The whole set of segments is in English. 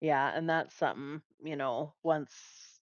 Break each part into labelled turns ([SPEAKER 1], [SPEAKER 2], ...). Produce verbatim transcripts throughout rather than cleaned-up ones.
[SPEAKER 1] Yeah, and that's something, you know, once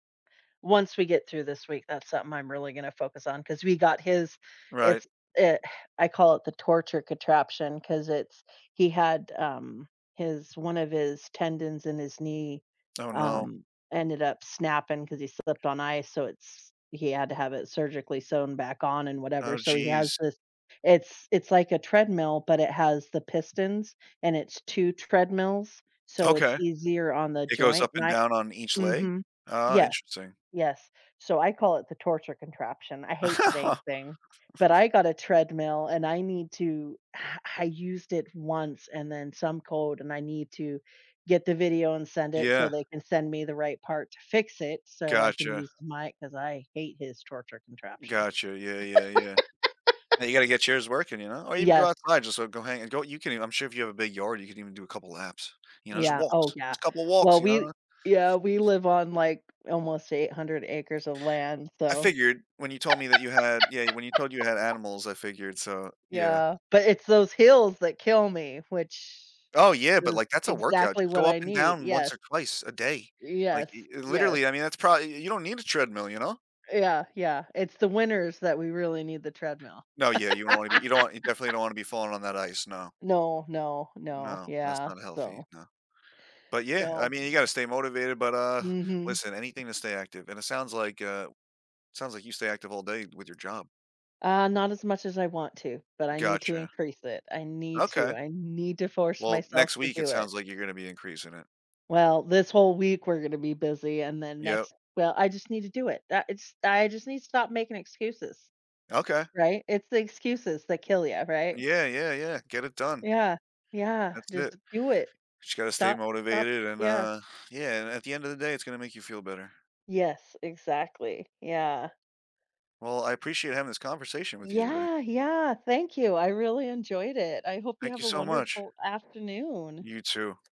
[SPEAKER 1] once we get through this week, that's something I'm really gonna focus on, 'cause we got his
[SPEAKER 2] Right.
[SPEAKER 1] it's it I call it the torture contraption, 'cause it's he had, um, his one of his tendons in his knee,
[SPEAKER 2] Oh, no.
[SPEAKER 1] um, ended up snapping, 'cause he slipped on ice, so it's he had to have it surgically sewn back on and whatever,
[SPEAKER 2] Oh,
[SPEAKER 1] so he has
[SPEAKER 2] jeez.
[SPEAKER 1] this it's it's like a treadmill, but it has the pistons, and it's two treadmills, so it's
[SPEAKER 2] Okay.
[SPEAKER 1] easier on the
[SPEAKER 2] It goes
[SPEAKER 1] joint,
[SPEAKER 2] up
[SPEAKER 1] and
[SPEAKER 2] and
[SPEAKER 1] I
[SPEAKER 2] down on each leg?
[SPEAKER 1] Mhm.
[SPEAKER 2] Ah,
[SPEAKER 1] Yeah.
[SPEAKER 2] interesting.
[SPEAKER 1] Yes, so I call it the torture contraption. I hate the dang thing, but I got a treadmill, and I need to I used it once and then some code, and I need to get the video and send it, so
[SPEAKER 2] Yeah.
[SPEAKER 1] they can send me the right part to fix it, so I can
[SPEAKER 2] Gotcha.
[SPEAKER 1] use my 'cause I hate his torture contraption.
[SPEAKER 2] Gotcha, yeah, yeah, yeah. And you gotta get yours working, you know? Or even go
[SPEAKER 1] Yeah.
[SPEAKER 2] outside, just, uh, go hang and go you can, even I'm sure if you have a big yard, you can even do a couple of laps. You know, just
[SPEAKER 1] Yeah oh,
[SPEAKER 2] walks.
[SPEAKER 1] yeah.
[SPEAKER 2] Just a couple of walks,
[SPEAKER 1] Well,
[SPEAKER 2] you
[SPEAKER 1] we
[SPEAKER 2] know?
[SPEAKER 1] yeah, we live on, like, almost eight hundred acres of land,
[SPEAKER 2] I
[SPEAKER 1] so
[SPEAKER 2] figured, when you told me that you had yeah, when you told you had animals, I figured, so, yeah.
[SPEAKER 1] Yeah, but it's those hills that kill me, which
[SPEAKER 2] Oh, yeah, but,
[SPEAKER 1] is
[SPEAKER 2] like, that's a workout.
[SPEAKER 1] exactly
[SPEAKER 2] Just go
[SPEAKER 1] what
[SPEAKER 2] up
[SPEAKER 1] I
[SPEAKER 2] and
[SPEAKER 1] need,
[SPEAKER 2] down
[SPEAKER 1] yeah.
[SPEAKER 2] once or twice a day. Like,
[SPEAKER 1] Yes.
[SPEAKER 2] i i
[SPEAKER 1] Yes.
[SPEAKER 2] literally, I mean, that's probably y you don't need a treadmill, you know?
[SPEAKER 1] Yeah, yeah, it's the winters that we really need the treadmill.
[SPEAKER 2] No, yeah, you don't wanna be you don't you definitely don't wanna be falling on that ice, no.
[SPEAKER 1] No, no, no,
[SPEAKER 2] No, that's
[SPEAKER 1] yeah,
[SPEAKER 2] not healthy,
[SPEAKER 1] so
[SPEAKER 2] no. But yeah, I
[SPEAKER 1] No.
[SPEAKER 2] mean, you gotta stay motivated, but, uh,
[SPEAKER 1] Mhm.
[SPEAKER 2] listen, anything to stay active, and it sounds like, uh it sounds like you stay active all day with your job.
[SPEAKER 1] Uh, not as much as I want to, but I need to
[SPEAKER 2] Gotcha.
[SPEAKER 1] increase it. I need to,
[SPEAKER 2] Okay.
[SPEAKER 1] I need to force
[SPEAKER 2] Well,
[SPEAKER 1] myself
[SPEAKER 2] next
[SPEAKER 1] to
[SPEAKER 2] week it
[SPEAKER 1] do it.
[SPEAKER 2] sounds like you're gonna be increasing it.
[SPEAKER 1] Well, this whole week we're gonna be busy, and then
[SPEAKER 2] Yeah.
[SPEAKER 1] next well, I just need to do it. That it's I just need to stop making excuses,
[SPEAKER 2] Okay.
[SPEAKER 1] right? It's the excuses that kill you, right?
[SPEAKER 2] Yeah, yeah, yeah, get it done.
[SPEAKER 1] Yeah. Yeah,
[SPEAKER 2] That's it.
[SPEAKER 1] just do it.
[SPEAKER 2] But you gotta stay
[SPEAKER 1] Stop stop
[SPEAKER 2] motivated, and,
[SPEAKER 1] yeah.
[SPEAKER 2] uh, yeah, and at the end of the day, it's gonna make you feel better.
[SPEAKER 1] Yes, exactly. Yeah.
[SPEAKER 2] Well, I appreciate having this conversation with you today.
[SPEAKER 1] Yeah, yeah, thank you, I really enjoyed it. I hope you
[SPEAKER 2] Thank you
[SPEAKER 1] have a
[SPEAKER 2] so much.
[SPEAKER 1] wonderful afternoon.
[SPEAKER 2] You too.